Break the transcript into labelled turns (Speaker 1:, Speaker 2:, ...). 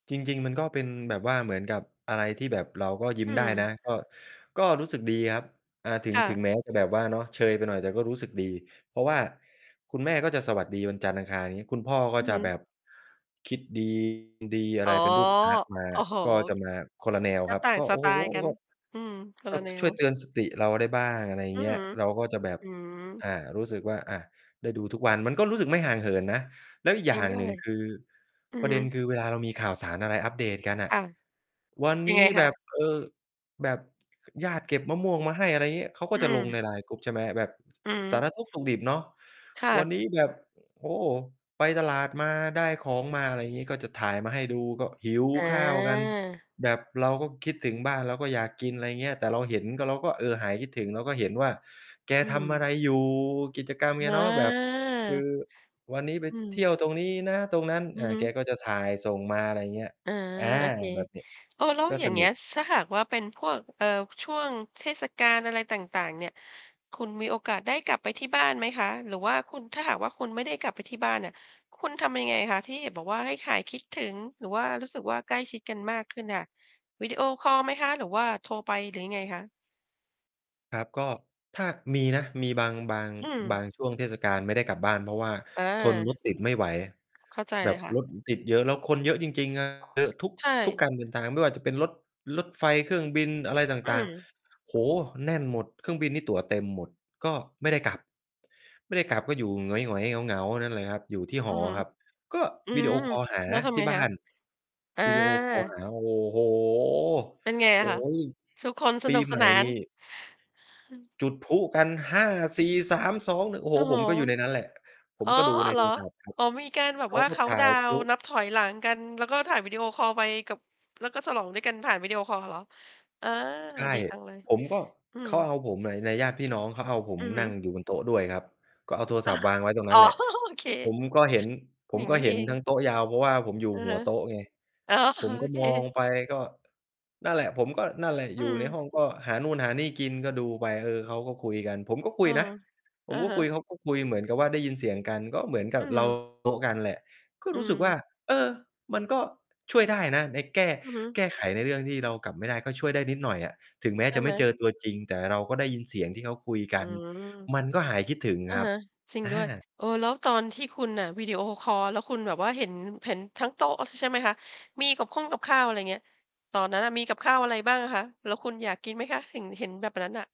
Speaker 1: จริง ๆ มันก็เป็นแบบว่า เหมือนกับอะไรที่แบบเราก็ยิ้
Speaker 2: อื
Speaker 1: มได้น
Speaker 2: ม
Speaker 1: ะ ก็ ก็รู้สึกดีครับ อ่า ถึง
Speaker 2: ค่
Speaker 1: ถึง
Speaker 2: ะ
Speaker 1: แม้จะแบบว่าเนาะ เชยไปหน่อย แต่ก็รู้สึกดี เพราะว่าคุณแม่ก็จะสวัสดีวันจันทร์ อังคาร งี้ คุณพ่อก็
Speaker 2: อือ
Speaker 1: จะ
Speaker 2: ฮ
Speaker 1: แบ
Speaker 2: ึ
Speaker 1: บคิด ดี อะ
Speaker 2: อ๋
Speaker 1: ไร
Speaker 2: อ
Speaker 1: เป็นรูปพระมา
Speaker 2: โอ้โฮ
Speaker 1: ก็จะมาคนละแนว
Speaker 2: ก็
Speaker 1: ครับ
Speaker 2: ต่าง
Speaker 1: ก็
Speaker 2: ส
Speaker 1: โอ้
Speaker 2: ไต
Speaker 1: โฮ
Speaker 2: ล์กัน
Speaker 1: แบบ
Speaker 2: อืม คน
Speaker 1: ก
Speaker 2: ล
Speaker 1: ็
Speaker 2: ะแน
Speaker 1: ช่วยเ
Speaker 2: ว
Speaker 1: ตือนสติเราได้บ้าง อะไรอย่
Speaker 2: อ
Speaker 1: า
Speaker 2: ื
Speaker 1: งเงี้ย
Speaker 2: อ
Speaker 1: เราก็จะแบบ
Speaker 2: อืม
Speaker 1: อ่า รู้สึกว่า อา ได้ดูทุกวัน ก็รู้สึกไม่ห่างเหินนะ แล้วอีก
Speaker 2: จ
Speaker 1: อ
Speaker 2: ร
Speaker 1: ย
Speaker 2: ิ
Speaker 1: ่
Speaker 2: ง
Speaker 1: าง
Speaker 2: ด้
Speaker 1: หนึ
Speaker 2: ว
Speaker 1: ่ง
Speaker 2: ย
Speaker 1: คือ
Speaker 2: อือ
Speaker 1: ประ
Speaker 2: ฮ
Speaker 1: เด
Speaker 2: ึ
Speaker 1: ็น คือเวลาเรามีข่าวสารอะไรอัปเดตกันอ
Speaker 2: ค
Speaker 1: ะ
Speaker 2: ่ะ
Speaker 1: วัน
Speaker 2: ยั
Speaker 1: น
Speaker 2: งไ
Speaker 1: ี
Speaker 2: ง
Speaker 1: ้
Speaker 2: ค
Speaker 1: แบ
Speaker 2: ะ?
Speaker 1: บ เออ แบบญาติเก็บมะม่วงมาให้ อะไรอย่างเงี้ย เขาก็
Speaker 2: อื
Speaker 1: จะลง
Speaker 2: ม
Speaker 1: ใน LIINE group ใช่ไหม แบบ
Speaker 2: อือฮ
Speaker 1: สา
Speaker 2: ึ
Speaker 1: รทุกข์สุกดิบเนาะ
Speaker 2: ค่
Speaker 1: วัน
Speaker 2: ะ
Speaker 1: นี้แบบ โอ้โฮ ไปตลาดมา ได้ของมา อะไรอย่างงี้ ก็จะถ่ายมาให้ดู ก็หิว
Speaker 2: เ
Speaker 1: ข้าวกัน
Speaker 2: ออ
Speaker 1: แบบเราก็คิดถึงบ้าน เราก็อยากกิน อะไรอย่างเงี้ย แต่เราเห็น เราก็ เออ หายคิดถึง เราก็เห็นว่าแก
Speaker 2: อื
Speaker 1: ทำอะไร
Speaker 2: ม
Speaker 1: อยู่ กิจกรรมแก
Speaker 2: ว่
Speaker 1: เนาะแบบคือ
Speaker 2: า
Speaker 1: วันนี้ไป
Speaker 2: อื
Speaker 1: เท
Speaker 2: ม
Speaker 1: ี่ยวตรงนี้นะ ตรงนั้น
Speaker 2: อื
Speaker 1: อ่า
Speaker 2: อฮึ
Speaker 1: แกก็จะถ่ายส่งมา อะไรอย่างเงี้ย
Speaker 2: อา
Speaker 1: อา
Speaker 2: โอเค
Speaker 1: แบบเนี้ย
Speaker 2: เออ แล้ว
Speaker 1: ก็
Speaker 2: อย
Speaker 1: ส
Speaker 2: ่างเ
Speaker 1: น
Speaker 2: ง
Speaker 1: ุ
Speaker 2: ี้
Speaker 1: ก
Speaker 2: ย ถ้าหากว่าเป็นพวก เอ่อ ช่วงเทศกาลอะไรต่าง ๆ เนี่ย คุณมีโอกาสได้กลับไปที่บ้านไหมคะ? หรือว่าคุณ ถ้าหากว่าคุณไม่ได้กลับไปที่บ้านอะ คุณทำยังไงคะ? ที่บอกว่าให้หายคิดถึง หรือว่ารู้สึกว่า ใกล้ชิดกันมากขึ้นค่ะ วิดีโอคอลไหมคะ? หรือว่าโทรไป? หรือยังไงคะ?
Speaker 1: ครับ ก็ ถ้า มีนะ มีบาง บาง
Speaker 2: อื
Speaker 1: บา
Speaker 2: ม
Speaker 1: งช่วงเทศกาลไม่ได้กลับบ้าน เพราะว่า
Speaker 2: อ
Speaker 1: ทนร
Speaker 2: า
Speaker 1: ถติดไม่ไหว
Speaker 2: เข้าใจ
Speaker 1: แบ
Speaker 2: เล
Speaker 1: บ
Speaker 2: ยค่ะ
Speaker 1: รถติดเยอะ แล้วคนเยอะจริง ๆ อา เยอะทุก
Speaker 2: ใช่
Speaker 1: ทุกการเดินทางไม่ว่าจะเป็นรถ รถไฟ เครื่องบิน อะไรต
Speaker 2: อื
Speaker 1: ่าง
Speaker 2: ม
Speaker 1: ๆ โอ้โฮ แน่นหมด เครื่องบินนี่ตั๋วเต็มหมด ก็ ไม่ได้กลับ ไม่ได้กลับก็อยู่หงอย ๆ เหงา ๆ นั่นแหละครับ อยู่ที่
Speaker 2: อ
Speaker 1: ห
Speaker 2: ื
Speaker 1: อ
Speaker 2: อฮึ
Speaker 1: ครับ ก็
Speaker 2: อื
Speaker 1: วิดีโอ
Speaker 2: ม
Speaker 1: คอลหา
Speaker 2: แล้วท
Speaker 1: ท
Speaker 2: ำ
Speaker 1: ี
Speaker 2: ไ
Speaker 1: ่
Speaker 2: ง
Speaker 1: บ้
Speaker 2: ค
Speaker 1: า
Speaker 2: ะ?
Speaker 1: น
Speaker 2: อา
Speaker 1: วิดีโอคอลหา โอ้โฮ
Speaker 2: เป็นไง
Speaker 1: โ
Speaker 2: ล
Speaker 1: อ
Speaker 2: ่ะ
Speaker 1: ๊
Speaker 2: คะ?
Speaker 1: ย
Speaker 2: ทุกคนส
Speaker 1: ปี
Speaker 2: นุก
Speaker 1: ใ
Speaker 2: ส
Speaker 1: หม่
Speaker 2: นา
Speaker 1: นี่
Speaker 2: น
Speaker 1: จุดพลุกัน 5 4 3 2 โอ้โ
Speaker 2: โ
Speaker 1: ฮ
Speaker 2: อ้โ
Speaker 1: ผ
Speaker 2: ฮ
Speaker 1: มก็อยู่ในนั้นแหละ ผ
Speaker 2: อ
Speaker 1: ม
Speaker 2: ๋อ
Speaker 1: ก็ดูใน
Speaker 2: เห
Speaker 1: โ
Speaker 2: ร
Speaker 1: ท
Speaker 2: อ?
Speaker 1: รศัพท์ครับ
Speaker 2: อ๋อ มีการแบ
Speaker 1: เ
Speaker 2: บ
Speaker 1: ขา
Speaker 2: ว่า
Speaker 1: ก็
Speaker 2: เคา
Speaker 1: ถ
Speaker 2: นต
Speaker 1: ่
Speaker 2: ์
Speaker 1: า
Speaker 2: ดา
Speaker 1: ยพ
Speaker 2: ว
Speaker 1: ล
Speaker 2: น์
Speaker 1: ุ
Speaker 2: นับถอยหลังกัน แล้วก็ถ่ายวิดีโอคอลไปกับ แล้วก็ฉลองด้วยกันผ่านวิดีโอคอลเหรอ? อา
Speaker 1: ใช่
Speaker 2: ดีจังเลย
Speaker 1: ผมก็
Speaker 2: อื
Speaker 1: เข
Speaker 2: ม
Speaker 1: าเอาผม อา ในญาติพี่น้อง เขาเอาผม
Speaker 2: อือฮ
Speaker 1: น
Speaker 2: ึ
Speaker 1: ั่งอยู่บนโต๊ะด้วยครับ ก็เอาโทร
Speaker 2: อ
Speaker 1: ศ
Speaker 2: า
Speaker 1: ัพท์วางไว้ตรงน
Speaker 2: อ๋
Speaker 1: ั
Speaker 2: อ
Speaker 1: ้นแหละ
Speaker 2: โอเค
Speaker 1: ผมก็เห็น ผ
Speaker 2: อย
Speaker 1: ม
Speaker 2: ่าง
Speaker 1: ก
Speaker 2: ง
Speaker 1: ็
Speaker 2: ี้น
Speaker 1: เ
Speaker 2: ี
Speaker 1: ห
Speaker 2: ่
Speaker 1: ็
Speaker 2: เ
Speaker 1: น
Speaker 2: อ
Speaker 1: ทั
Speaker 2: ง
Speaker 1: ้งโต๊ะยาว เพราะว่าผมอยู่
Speaker 2: อือ
Speaker 1: ห
Speaker 2: ฮ
Speaker 1: ั
Speaker 2: ึ
Speaker 1: วโต๊ะไง
Speaker 2: อ๋อ
Speaker 1: ผ
Speaker 2: โ
Speaker 1: มก
Speaker 2: อ
Speaker 1: ็
Speaker 2: เค
Speaker 1: มองไป ก็ นั่นแหละ ผมก็นั่นแหละ
Speaker 2: อ
Speaker 1: อ
Speaker 2: ื
Speaker 1: ยู่ใน
Speaker 2: ม
Speaker 1: ห้อง ก็หานู่นหานี่กิน ก็ดูไป เออ เขาก็คุยกัน ผมก็ค
Speaker 2: เอ
Speaker 1: ุ
Speaker 2: อ
Speaker 1: ยนะ ผ
Speaker 2: อ
Speaker 1: ม
Speaker 2: ะ
Speaker 1: ก็
Speaker 2: ฮ
Speaker 1: คุย
Speaker 2: ะ
Speaker 1: เขาก็คุยเหมือนกับว่า ได้ยินเสียงกัน ก็เหมือนก
Speaker 2: อ
Speaker 1: ั
Speaker 2: ื
Speaker 1: บ เรา
Speaker 2: ม
Speaker 1: โต๊ะนั่นแหละ ก็
Speaker 2: อื
Speaker 1: รู้สึกว่
Speaker 2: ม
Speaker 1: า เออ มันก็ช่วยได้นะ ในแก้
Speaker 2: อือฮึ
Speaker 1: แก้ไขในเรื่องที่เรากลับไม่ได้ ก็ช่วยได้นิดหน่อยอะ ถึงแม้
Speaker 2: ใช
Speaker 1: จ
Speaker 2: ่
Speaker 1: ะ
Speaker 2: ไ
Speaker 1: ไม
Speaker 2: ห
Speaker 1: ่
Speaker 2: ม?
Speaker 1: เจอตัวจริง แต่เราก็ได้ยินเสียงที่เขาคุยก
Speaker 2: อื
Speaker 1: ัน
Speaker 2: ม
Speaker 1: มันก็หายคิดถึง
Speaker 2: อะ
Speaker 1: ครั
Speaker 2: ฮ
Speaker 1: บ
Speaker 2: ะ จริง
Speaker 1: อ
Speaker 2: ด้วย
Speaker 1: า
Speaker 2: เออ แล้วตอนที่อะคุณวิดีโอคอล แล้วคุณแบบว่า เห็น เห็นทั้งโต๊ะใช่ไหมคะ? มีกับข้งกับข้าว อะไรอย่างเงี้ย ตอนนั้นอะมีกับข้าวอะไรบ้างอะคะ? แล้วคุณอยากกินไหมคะ เห็น เห็นแบบนั้นน่ะ?